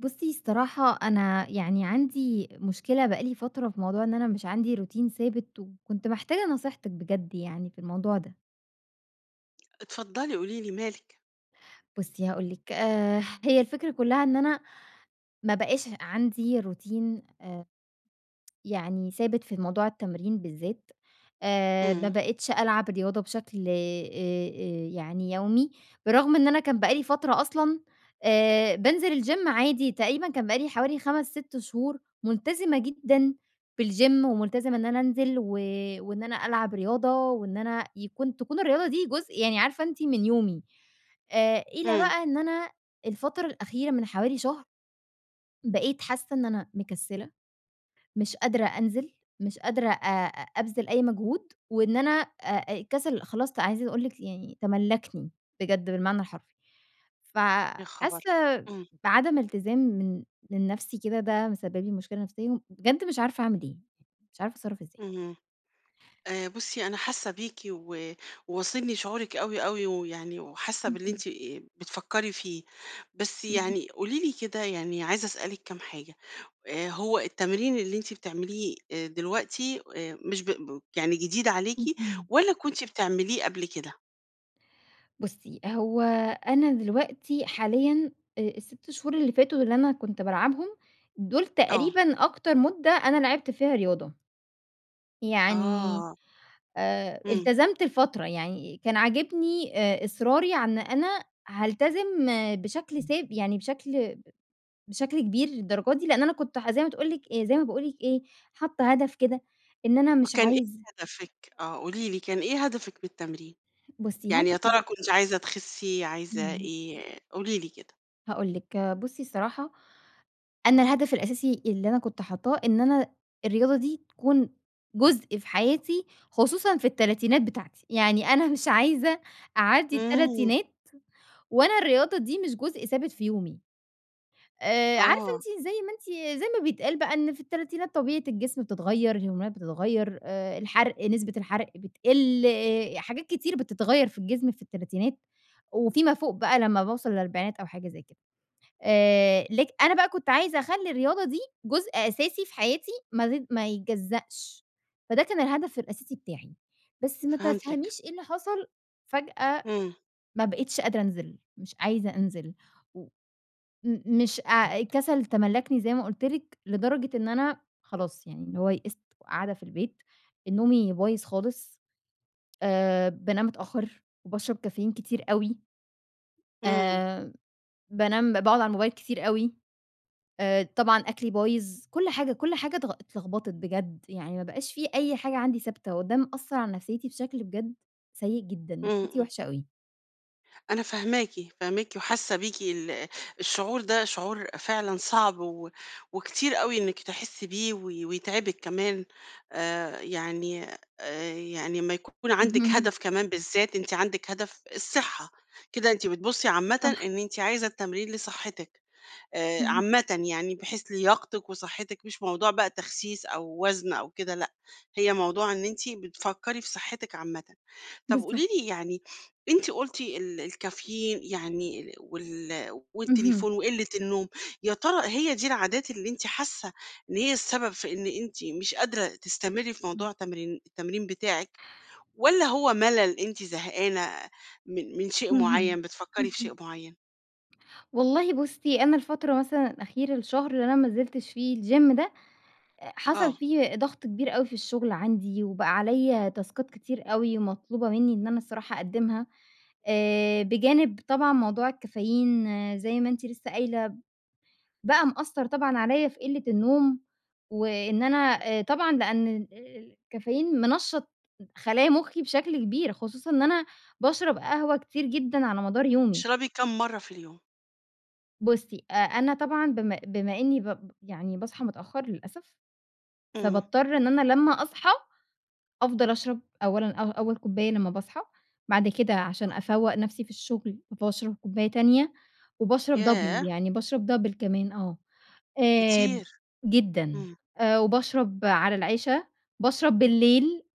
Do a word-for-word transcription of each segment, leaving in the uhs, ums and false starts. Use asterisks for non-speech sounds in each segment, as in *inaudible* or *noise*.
بُصي الصراحة أنا يعني عندي مشكلة بقى لي فترة في موضوع إن أنا مش عندي روتين ثابت، وكنت محتاجة نصيحتِك بجد يعني في الموضوع ده. اتفضلي قولي لي مالِك؟ بُصي هاقول لِك آآ، هي الفكرة كلها إن أنا ما بقاش عندي روتين آآ، *tsk* يعني ثابت في موضوع التمرين بالذات. آآ، ما امم. بقيتش ألعب رياضة بشكل آآ آآ يعني يومي. برغم إن أنا كان بقالي فترة أصلًا آآ، بانزل الgym عادي تقريبًا كان بقالي حوالي خمس ست شهور ملتزمة جدًا بالgym وملتزمة إن أنا أنزل و وإن أنا ألعب رياضة، وإن أنا يكون تكون الرياضة دي جزء يعني عارفة أنتِ من يومي. آآ، إلى امم. بقى إن أنا الفترة الأخيرة من حوالي شهر بقيت حاسة إن أنا مكسلة مش قادرة أنزل مش قادرة آآ، أبذل أي مجهود وإن أنا آآ، الكسل خلاص ت عايزة أقول لِك يعني تملكني بجد بالمعنى الحرفي. ف يا حاسة خبر! امم. بعدم التزام من من نفسي كده ده مسبِّب لي مشكلة نفسية وبجد مش عارفة أعمل إيه. مش عارفة اتصرف إزاي. اهم. آآ، بُصي أنا حاسة بيكِ و واصلني شعورِك أوي، أوي، ويعني وحاسة باللي اهم. أنتِ بتفكري فيه. بس اهم. يعني قولي لي كده يعني عايزة أسألِك كام حاجة. آآ، هو التمرين اللي أنتِ آآ بتعمليه دلوقتي آآ مش ب يعني جديد عليكِ اهم. والّا كنتِ بتعمليه قبل كده؟ بُصّي. هو أنا دلوقتي حاليًا آآ، الست شهور اللي فاتوا، اللي أنا كنت بالعبهم دول آه. تقريبًا أكتر مدة أنا لعبت فيها رياضة. يعني آه. آآ، امم. التزمت لفترة. يعني كان عاجبني آآ، إصراري عن أنا هالتزم بشكل ثاب يعني بشكل بشكل كبير للدرجة دي، لأن أنا كنت ح زي ما تقول لِك زي ما باقول لِك إيه حاطة هدف كده إن أنا مش وكان إيه عايزة هدفِك؟ آه، قولي لي، كان إيه هدفِك من التمرين؟ بُصي يعني يا هدفي ترى كنتِ عايزة تخسي؟ عايزة امم. إيه؟ قولي لي كده. هاقول لِك آآ، بُصّي الصراحة، أنا الهدف الأساسي اللي أنا كنت حاطاه، إن أنا الرياضة دي تكون جزء في حياتي خصوصًا في التلاتينات بتاعتي، يعني أنا مش عايزة أعدّي امم. التلاتينات، وأنا الرياضة دي مش جزء ثابت في يومي. آآ، عارفة آه. أنتِ زي ما أنتِ زي ما بيتقال بقى إن في التلاتينات طبيعة الجسم بتتغيّر، الهرمونات بتتغيّر، آآ الحرق نسبة الحرق بتقل، آآ، حاجات كتير بتتغيّر في الجسم في التلاتينات، وفي ما فوق بقى لمّا باوصل للأربعينات أو حاجة زي كده. آآ، لك أنا بقى كنت عايزة أخلي الرياضة دي جزء أساسي في حياتي ما تت ما يتجزأش. فده كان الهدف الأساسي بتاعي. بس ما فهمتِك. تفهميش إيه اللي حصل، فجأة امم. ما بقيتش قادرة أنزل، مش عايزة أنزل. و مم مش آآ، الكسل تملّكني زي ما قلت لكِ لدرجة إن أنا خلاص يعني اللي هو يأست وقاعدة في البيت، نومي بايظ خالص، آآ، بانام متأخّر، وباشرب كافيين كتير أوي. امم. آآ، بانام باقعد على الموبايل كتير أوي. آآ، طبعًا أكلي بايظ. كل حاجة كل حاجة ت اتلخبطت بجد، يعني ما بقاش في أي حاجة عندي ثابتة، وده مأثر على نفسيتي بشكل بجد سيئ جدًا. نفسيتي امم. وحشة أوي. أنا فاهماكِ، فاهماكِ وحاسة بيكِ ال الشعور ده شعور فعلًا صعب و وكتير أوي إنِك تحسي بيه و ويتعبِك كمان. آآ، يعني آآ، يعني اما يكون عندِك اهم. هدف كمان بالذات أنتِ عندِك هدف الصحة، كده أنتِ بتبصي عامةً صح. إن أنتِ عايزة التمرين لصحتِك آآ، اهم. عامةً يعني بحيث لياقتِِك وصحتِك مش موضوع بقى التخسيس أو وزن أو كده لأ، هي موضوع إن أنتِ بتفكري في صحتِك عامةً. طب قولي بالضبط. لي يعني *sniffs* أنتِ قلتِ ال الكافيين يعني ال وال اهم. والتليفون وقلة النوم يا ترى هي دي العادات اللي أنتِ حاسة إن هي السبب في إن أنتِ مش قادرة تستمري في امم. موضوع تمرين التمرين بتاعِك، والّا هو ملل أنتِ زهقانة من من شيء اهم. معين بتفكّري في شيء اهم. معين؟ والله بُصي، أنا الفترة مثلًا الأخيرة الشهر اللي أنا ما نزلتش فيه الgym ده أ حصل آه. فيه ضغط كبير أوي في الشغل عندي وبقى عليّا تاسكات كتير أوي، مطلوبة مني إن أنا الصراحة أقدّمها. آآ، بجانب طبعًا موضوع الكافيين زي ما أنتِ لسه قايلة بقى مأثر طبعًا عليّا في قلة النوم، وإن أنا طبعًا لأن ال ال الكافيين منشط خلايا مخي بشكل كبير، خصوصًا إن أنا باشرب قهوة كتير جدًا على مدار يومي. بتشربي كَام مرة في اليوم؟ بُصي، أ أنا طبعًا بما بما إني ب يعني باصحى متأخر للأسف، امم. فباضطر إن أنا لما أصحى أفضل أشرب أولًا أو أول كوباية لما باصحى، بعد كده عشان آه. أفوَّق نَفسي في الشغل باشرب كوباية تانية وباشرب ياه! double يعني باشرب double كمان آه آآ كتير، جدًا، امم. آآ وباشرب على العِشا بشرب بالليل *chuckles*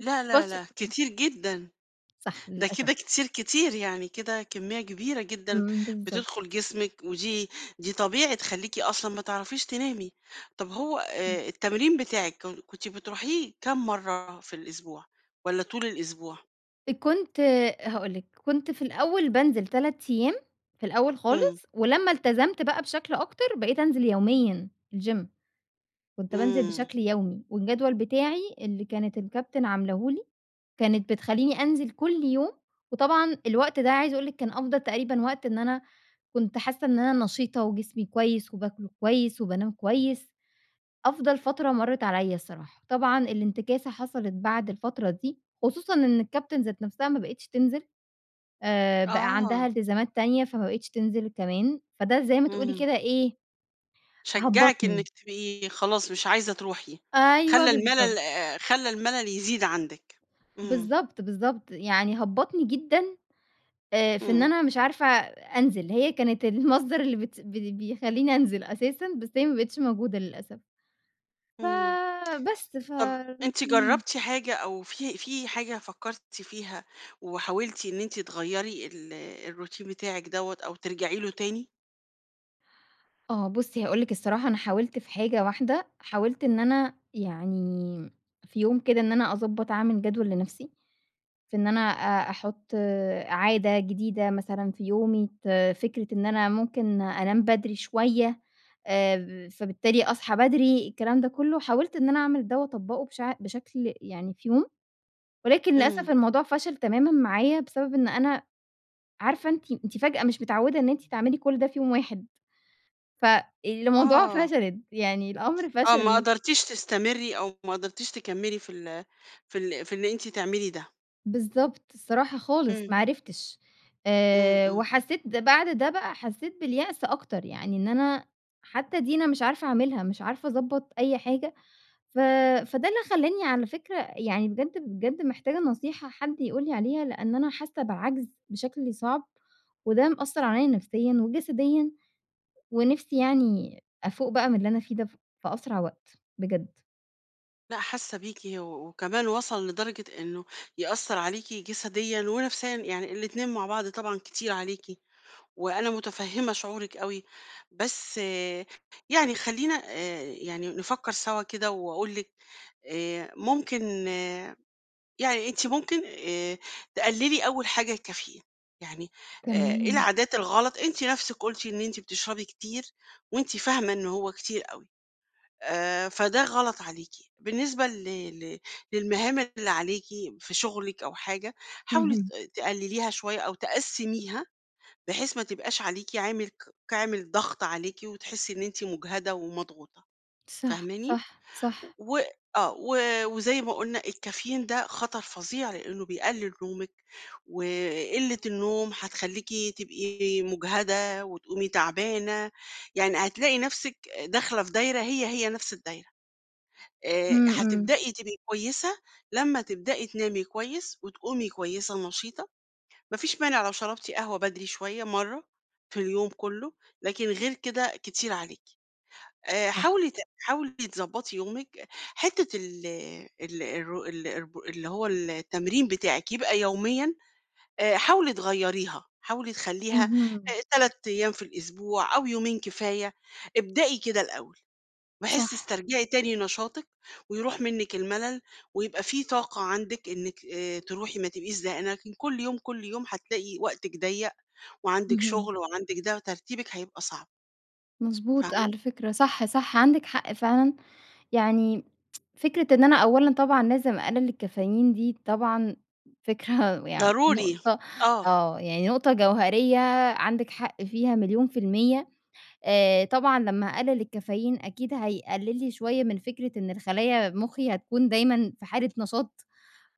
لا، لا، باش لا، كتير جدًا. صح، ده للأسف. كده كتير كتير يعني، كده كمية كبيرة جدًا امم، بالضبط. بتدخل جسمك ودي دي طبيعي تخلّيكِ أصلًا ما تعرفيش تنامي. طب هو امم. آآ، التمرين بتاعك ك كنتِ بتروحيه كام مرة في الأسبوع والَّا طول الأسبوع؟ كنت آآ، هاقول لِك، كنت في الأول بانزل تلات أيام في الأول امم. خالص، ولما التزمت بقى بشكل أكتر بقيت أنزل يوميًا الgym. كنت بانزل امم. بشكل يومي، والجدول بتاعي اللي كانت الكابتن عاملاه لي كانت بتخليني أنزل كل يوم، وطبعًا الوقت ده عايزة أقول لك كان أفضل تقريبًا وقت إن أنا كنت حاسة إن أنا نشيطة، وجسمي كويس، وباكل كويس، وبانام كويس، أفضل فترة مرّت عليَّ الصراحة. طبعًا الانتكاسة حصلت بعد الفترة دي خصوصًا إن الكابتن ذات نفسها ما بقتش تنزل آآ، بقى عندها آه. إلتزامات تانية فما بقيتش تنزل كمان، فده زي ما تقولي امم. كده إيه، شجعِك هبَّطني. إنك تبقي خلاص مش عايزة تروحي، أيوه خلَّى بالضبط. الملل آآ، خلَّى الملل يزيد عندك، امم. بالضبط، بالضبط، يعني هبَّطني جدًا آآ، في إن امم. أنا مش عارفة أنزل، هي كانت المصدر اللي بت ب بيخلّيني أنزل أساسًا بس هي ما بقتش موجودة للأسف. ف امم، بس ف طب أنتِ امم. جربتِ حاجة أو في في حاجة فكرتِ فيها وحاولتِ إن أنت تغَيري ال الروتين بتاعِك دوَّة أو ترجعي له تاني؟ آه، بُصي هاقول لِك الصراحة، أنا حاولت في حاجة واحدة، حاولت إن أنا يعني في يوم كده، إن أنا أضبّط أعمل جدول لنفْسِي، في إن أنا أ أحط عادة جديدة مثلًا في يومي، ت فكرة إن أنا ممكن أنام بدري شوية آآ، فبالتالي أصحى بدري، الكلام ده كله، حاولت إن أنا أعمل ده وأطبقه بشع بشكل يعني في يوم، ولكن للأسف امم. الموضوع فشل تمامًا معايا، بسبب إن أنا عارفة أنتِ أنتِ فجأة مش متعودة إن أنتِ تعملي كل ده في يوم واحد، ف الموضوع آه. فشلت، يعني الأمر آه ما فشل. قدرتيش تستمري، أو ما قدرتيش تكمّلي في ال في ال في إن أنتِ تعملي ده؟ بالضبط، الصراحة خالص، امم. ما عرفتش، امم، آآ امم. وحسيت بعد ده بقى حسيت باليأس أكتر، يعني إن أنا حتى دي أنا مش عارفة أعملها، مش عارفة أضبّط أي حاجة. ف فده اللي خلّاني على فكرة يعني بجد، بجد محتاجة نصيحة حد يقول لي عليها؛ لأن أنا حاسة بعَجْز بشكل صعب، وده مأثّر عليَّ نفسيًا وجسديًا، ونفْسِي يعني أفُوق بقى من اللي أنا فيه ده ف في أسرع وقت، بجد. لا حاسّة بيكِ، و وكمان وصَل لدرجة إنّه يأثّر عليكِ جسديًا ونفسيًا، يعني الإتنين مع بعض طبعًا كتير عليكِ، وأنا متفهِّمة شعورِك أوي. بس يعني خلّينا آآ، يعني نفكّر سوا كده، وأقول لك آآ، ممكن يعني أنت ممكن آآ، تقلّلي أول حاجة الكافيين، يعني آآ، إيه تمام. العادات الغلط أنتِ نَفْسِك قُلتِ إن أنتِ بتشربي كتير، وأنتِ فاهمة إنّه هو كتير أوي. آآ، فده غلط عليكِ. بالنسبة ل ل للمهام اللي عليكِ في شغلِك أو حاجة، حاولِي ت اهم. تقلّليها شويّة، أو تقسّميها، بحيث ما تبقاش عليكِ عامل ك عامل ضغْط عليكِ، وتحسّي إن أنتِ مُجهَدة ومضغوطة. صح، فاهماني؟ صح، صح. و آه، و وزي ما قُلنا الكافيين ده خطر فظيع لأنّه بيقلّل نومِك، وقلّة النوم هتخلّيكِ تبقي مُجهَدة وتقومي تعبانة، يعني هتلاقي نَفْسِك أ داخلة في دايرة هي، هي، نفْس الدايرة. آآ، امم، امم. هتبدئي تبقي كويسة لمّا تبدئي تنامي كويس وتقومي كويسة نشيطة. ما فيش مانع لو شرَبتِ قهوة بدري شوية، مرّة في اليوم كلّه، لكن غير كده كتير عليكِ. آآ، حاولِي صح. ت حاولِي تضبّطِ يومِك. حِتّة ال آآ، ال الر ال اللي هو التمرين بتاعِك يبقى يوميًا، آآ، حاولي تغيّريها، حاولي تخلّيها اهم. أ تلات أيام في الأسبوع، أو يومين كفاية. ابدئي كده الأول. بحيث صح. تسترجِعي تاني نشاطِك، ويرُوح منِك المَلل، ويبقى في طاقة عندِك إنِك آآ، ترُوحي ما تبقيش زهقانة، لكن كلّ يوم، كلّ يوم هتلاقي وقتِك ضيّق، وعَندِك اهم. شُغل، وعَندِك ده، وترتيبِك هيبقى صعب. مضبوط، فاهمة؟ على فكرة. صح، صح عَندِك حق فعلًا. يعني *tsk* فكرة إن أنا أولًا طبعًا لازم اقلّل الكافيين دي طبعًا، فكرة *chuckles* يعني ضروري. نقطة آه. آه، يعني نقطة جوهريّة عَندِك حق فيها مليون في المِيَّة آآ، طبعًا لمّا أقلّل الكافيين أكيد هيقلّل لي شوية من فكرة إن الخلايا مُخّي هتكون دايمًا في حالة نشاط،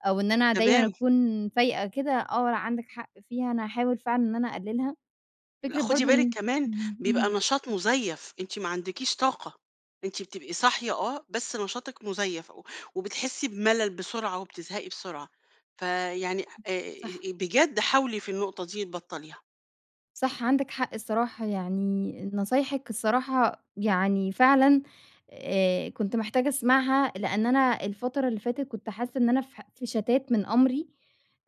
أو إن أنا دايمًا تمام. أكون فايقة كده. آه، عَندِك حق فيها، أنا هاحاول فعلًا إن أنا أقلّلها. لأ، فكرة خُدِي برضه بالِك إن كمان، امم، بيبقى اهم نشاط مُزيّف. أنتِ ما عندكيش طاقة. أنتِ بتبقي صاحية آه، بس نشاطِك مُزيّف، و وبتحسّي بملل بسرعة، وبتزهقي بسرعة. فيعني آآ، صح. بجد حاولِي في النقطة دي تبطّليها. صح عندِك حق الصراحة، يعني نصايحِك الصراحة يعني فعلًا آآ، كنت محتاجة أسمعها، لأن أنا الفترة اللي فاتت كنت حاسّة إن أنا في ح في شَتَات من أمري،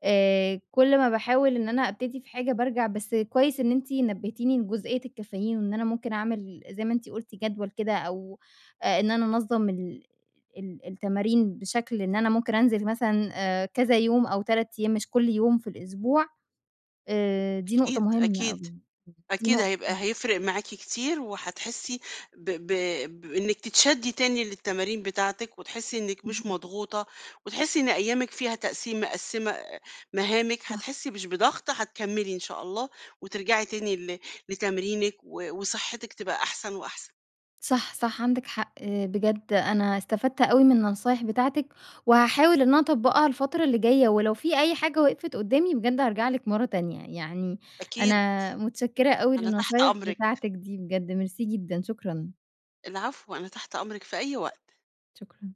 آآ، كل ما باحاول إن أنا أبتدي في حاجة بارجع. بس كويس إن أنتِ نبّهتيني لجُزئية الكافيين. وإن أنا ممكن أعمل زي ما أنتِ قُلْتِ جدول كده أو آآ، إن أنا أنظَّم ال ال التمارين بشكل إن أنا ممكن أنزل مثلًا آآ، كذا يوم، أو تلات أيام مش كل يوم في الأسبوع. آآ، دي نقطة أكيد، مهمة أكيد، أوي، دي أكيد نقطة هيبقى هيفرق معاكِ كتير، وهتحسِّي ب ب بإنِّك تتشدِّي تاني للتمارين بتاعتِك، وتحسِّي إنِّك مش اهم. مضغوطة، وتحسِّي إن أيامِك فيها تقسيم مقسّمة مهامِك، صح. هتحسي مش بضغط هتكمّلي إن شاء الله، وترجعي تاني ل لتمرينِك و وصحتِك تبقى أحسن وأحسن. صح، صح عندِك حق. آآ، بجد أنا استفدت أوي من النصايح بتاعتِك، وهاحاول إن أنا أطبّقها الفترة اللي جاية، ولو في أي حاجة وقفِت قدّامي بجد هارجع لِك مرة تانية. يعني أكيد، أنا مُتشكرة أوي أنا تحت للنصايح أمرِك. بتاعتِك دي بجد، ميرسي جدًا، شكرًا. العفو، أنا تحت أمرِك في أي وقت. شكرًا.